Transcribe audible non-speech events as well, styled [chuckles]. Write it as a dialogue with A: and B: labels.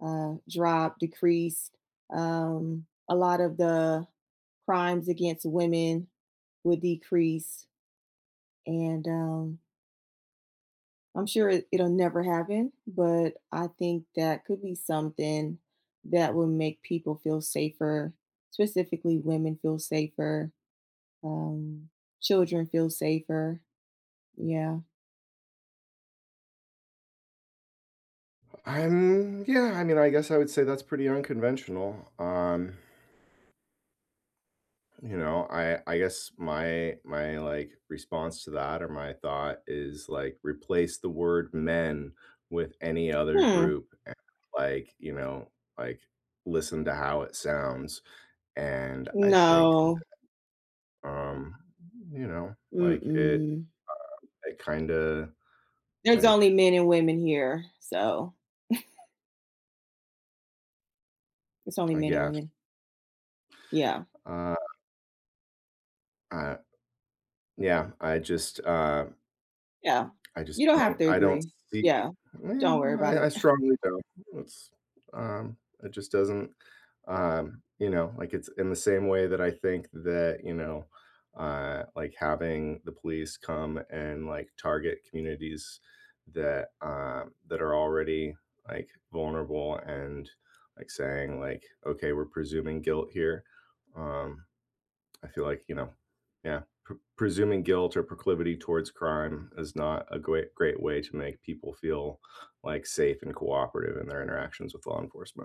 A: uh, drop, decrease. Um, a lot of the crimes against women would decrease. And, um I'm sure it it'll never happen, but, I think that could be something that will make people feel safer, specifically women feel safer, um, children feel safer. Yeah.
B: And, yeah, I mean, I guess I would say that's pretty unconventional. Um you know, I I guess my my, like, response to that, or my thought is, like, replace the word men with any other
A: Hmm.
B: group, and, like, you know, like, listen to how it sounds. And, I think
A: No.
B: that, um, you know, like, it, um,
A: Mm-mm.
B: it kinda,
A: There's
B: like
A: only men and women here. So [chuckles] There's only
B: I
A: men and
B: guess.
A: women. Yeah.
B: Uh I yeah, I just, um
A: Yeah.
B: I just
A: You don't have
B: don't
A: to
B: I don't
A: agree.
B: see
A: Yeah.
B: eh
A: Don't worry about
B: I I
A: it. [scoffs]
B: strongly don't. Well it's, um, it just doesn't um, you know, like, it's in the same way that I think that, you know, uh, like, having the police come and, like, target communities that, um, that are already, like, vulnerable and, like, saying, like, "Okay, we're presuming guilt here." Um, I feel like, you know, yeah, pr presuming guilt or proclivity towards crime is not a great- great way to make people feel, like, safe and cooperative in their interactions with law enforcement.